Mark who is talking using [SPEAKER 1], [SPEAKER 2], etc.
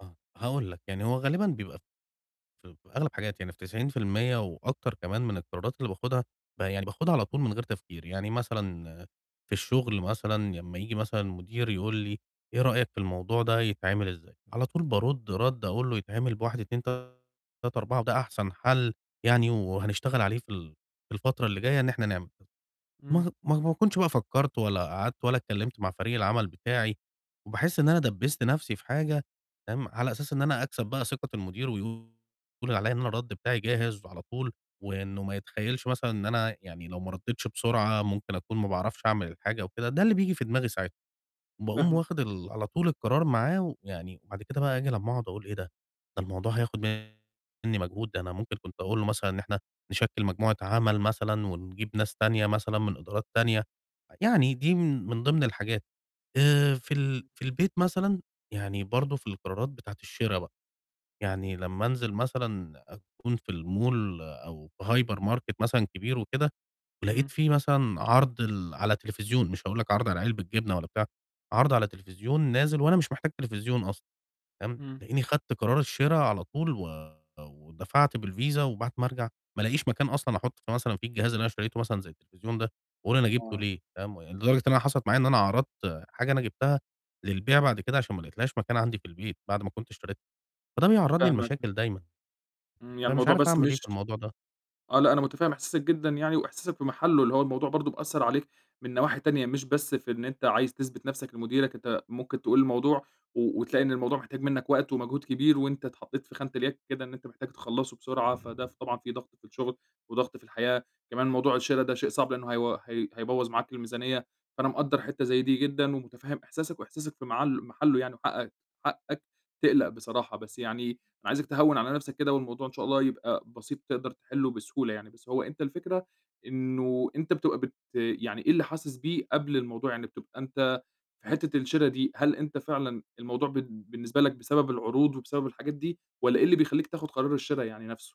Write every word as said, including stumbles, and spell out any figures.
[SPEAKER 1] آه، هاقول لك. يعني هو غالبًا بيبقى ف في ب أغلَب حاجات يعني في تسعين في المِيّة وأكتر كمان من القرارات اللي باخُدها، ب يعني باخُدها على طول من غير تفكير. يعني مثلًا في الشُغل مثلًا لمّا ييجي مثلًا مُديري يقول لي "إيه رأيك في الموضوع ده يتعمل إزاي؟" على طول بارُد رَد أقول له "يتعمل بواحد، اتنين، تلاتة، أربعة وده أحسن حَل يعني وهنشتغل عليه في ال في الفترة اللي جاية إن إحنا نعمله"
[SPEAKER 2] إمم.
[SPEAKER 1] ما ه ما هو ما أكونش بقى فكّرت ولا قعدت ولا اتكلّمت مع فريق العمل بتاعي وباحس إن أنا دَبّست نَفْسي في حاجة فاهِم، على أساس إن أنا أكسب بقى ثِقة المُدير ويقول عليّا إن أنا الرَد بتاعي جاهز على طول وإنه ما يتخيّلش مثلًا إن أنا يعني لو ما رَدِتش بسرعة ممكن أكون ما باعرفش أعمل الحاجة وكده، ده اللي بييجي في دماغي ساعتها. باقوم
[SPEAKER 2] فاهمك.
[SPEAKER 1] واخِد ال على طول القرار معاه ويعني وبعد كده بقى آجي لمّا أقعُد أقول إيه ده، ده الموضوع هياخُد منّي مجهود، ده أنا ممكن كنت أقول له مثلًا إن إحنا نشكِّل مجموعة عَمَل مثلًا ونجيب ناس تانية مثلًا من إدارات تانية، يعني دي من من ضِمن الحاجات. آآ، في ال في البيت مثلًا يعني برضه في القرارات بتاعة الشِرا بقى، يعني لمّا أنزل مثلًا أكون في الmall أو في hypermarket مثلًا كبير وكده ولقيت
[SPEAKER 2] إمم.
[SPEAKER 1] في مثلًا عَرْض ال على تليفزيون مش هاقول لك عَرْض على علبة جبنة ولا بتاع، عَرْض على تليفزيون نازل وأنا مش محتاج تليفزيون أصلًا تمام،
[SPEAKER 2] إمم.
[SPEAKER 1] تلاقيني خَدت قرار الشِرا على طول و ودفعت بالvisa وبعد ما أرجع ما ألاقيش مكان أصلًا أحُط في مثلًا في الجهاز اللي أنا اشتريته مثلًا زي التليفزيون ده وأقول أنا جِبته
[SPEAKER 2] آه.
[SPEAKER 1] ليه فاهِم، ويعني لدرجة إن أنا حصلت معايا إن أنا عَرضْت حاجة أنا جِبتها للبيع بعد كده عشان ما لقيتلهاش مكان عندي في البيت بعد ما كنت اشتريتها، فده بيعرّضني
[SPEAKER 2] فاهمك.
[SPEAKER 1] لمشاكل دايمًا،
[SPEAKER 2] إمم، يعني
[SPEAKER 1] فمش
[SPEAKER 2] الموضوع
[SPEAKER 1] عارف
[SPEAKER 2] بس
[SPEAKER 1] أعمل إيه في
[SPEAKER 2] مش
[SPEAKER 1] الموضوع ده.
[SPEAKER 2] آه، لأ، أنا مُتفهِّم إحساسك جدًا يعني وإحساسك في مَحلُّه، اللي هو الموضوع برضه بيأثّر عليك من نواحي تانية، مش بس في إن أنت عايز تثبت نَفْسك لمُديرك، أنت ممكن تقول الموضوع و وتلاقي إن الموضوع محتاج منّك وقت ومجهود كبير وأنت اتحطّيت في خانة الياك كده، إن أنت محتاج تخلّصه بسرعة، فده ف طبعًا في ضغط في الشُغل وضغط في الحياة. كمان موضوع الشِرا ده شيء صعب، لإنه هيو هي هيبوّظ معاك الميزانيّة. فأنا مقدّر حتّة زي دي جدًا ومُتفهِّم إحساسك وإحساسك في معل مَحلُّه يعني وحقّك حقّك تقلَق بصراحة. بس يعني أنا عايزك تهوِّن على نَفْسك كده والموضوع إن شاء الله يبقى بسيط تقدر تحلّه بسهولة يعني. بس هو أنت الفكرة إنه أنت بتبقى بت يعني إيه اللي حاسس بيه قبل الموضوع، يعني بتبقى أنت في حتّة الشِرا دي، هل أنت فعلًا الموضوع بد بالنسبة لك بسبب العروض وبسبب الحاجات دي، والّا إيه اللي بيخلّيك تاخُد قرار الشِرا يعني نَفْسه؟